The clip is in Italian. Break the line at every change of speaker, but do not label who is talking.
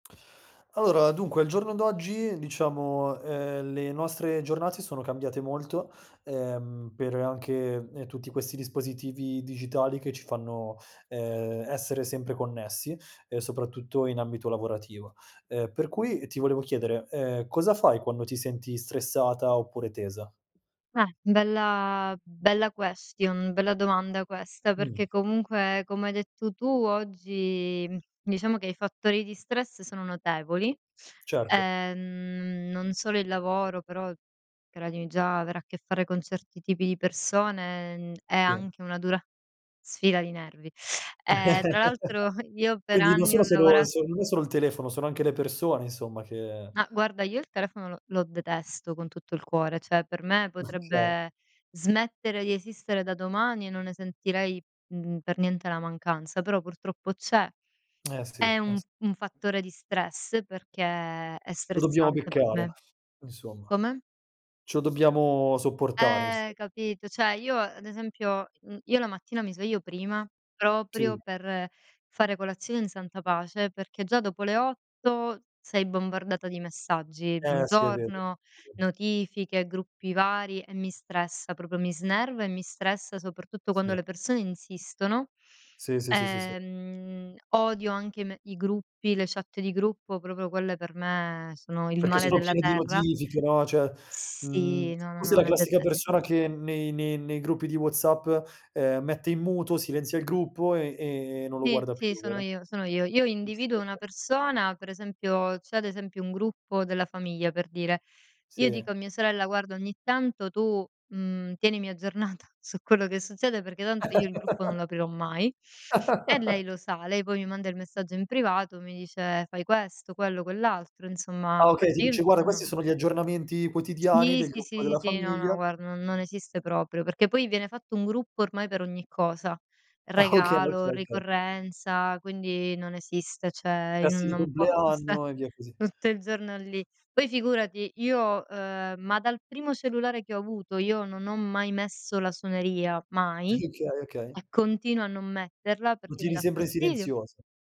Allora, dunque, al giorno d'oggi, diciamo, uhm, le nostre giornate sono cambiate molto, ehm, per anche, uhm, tutti questi dispositivi digitali che ci fanno, uhm, essere sempre connessi, uhm, soprattutto in ambito lavorativo. Uhm, per cui, ti volevo chiedere: uhm, cosa fai quando ti senti stressata, oppure tesa?
Meh, bella bella question, bella domanda questa.
Mh.
Perché, comunque, come hai detto tu, oggi, mhmm, diciamo, che i fattori di stress sono notevoli.
Certo.
Ehm, non solo il lavoro, però, credimi, già avere a che fare con certi tipi di persone, mhmm, è
Sì.
anche una dura sfida di nervi. Eh, tra l'altro, io per
Quindi non
anni ho
sono solo
lavora
s non è solo il telefono, sono anche le persone insomma che
Ma, guarda, io il telefono lo lo detesto con tutto il cuore. Cioè, per me
Okay.
potrebbe smettere di esistere da domani, e non ne sentirei, mhmm, per niente la mancanza, però purtroppo c'è,
Eh sì,
è
eh
un
s
un fattore di stress perché è
Lo dobbiamo
stressante per
beccare,
me.
insomma.
Come?
Ce o dobbiamo sopportare,
Eh,
inso
capito, cioè, io, a ad esempio, mhmm, io la mattina mi sveglio prima, proprio
Sì.
per fare colazione in santa pace, perché già dopo le 8 sei bombardata di messaggi:
Eh, sì, è vero,
buongiorno,
è vero.
notifiche, gruppi vari. E mi stressa proprio, mi snerva e mi stressa, soprattutto quando
Sì.
le persone insistono.
Sì, sì, sì, sì, sì.
Ehm, odio anche i me i gruppi, le chat di gruppo, proprio quelle, per me, sono il
Perché
male
sono
della
pieni di
terra.
notifiche, no, cioè, mhmm,
Sì. No, no,
tu sei
no
la
le
classica
detest
persona che nei ne nei gruppi di WhatsApp, uhm, mette in muto, silenzia il gruppo, e e non lo
Sì,
guarda
sì,
più,
sono
vero?
io, sono io. Io individuo una
[unintelligible]
persona, per esempio c'è ad esempio un gruppo della famiglia, per dire, io dico
Sì.
a mia sorella: "Guarda ogni tanto tu, mhmm, tienimi aggiornata su quello che succede, perché tanto io il gruppo non lo aprirò mai." E lei lo sa. Lei, poi, mi manda il messaggio in privato, mi dice: "Fai questo, quello, quell'altro." Insomma,
Ah okay, ti
perché io
dice: "Guarda, questi
[unintelligible]
sono gli aggiornamenti quotidiani
Sì.
del
Sì,
gruppo
sì, sì,
della
sì. No, no,
famiglia"
guarda, non non esiste proprio, perché poi viene fatto un gruppo, ormai, per ogni cosa.
Ah okay, okay,
Regalo,
okay.
ricorrenza, quindi non esiste, cioè, i
Feste di
non posso sta
compleanno, e via così.
tutto il giorno lì. Poi figurati, io uhm, ma dal primo cellulare che ho avuto, io non ho mai messo la suoneria, mai,
Okay, okay.
e continuo a non metterla,
Lo
perché mi
tieni
dà
sempre in
fastidio
silenzioso.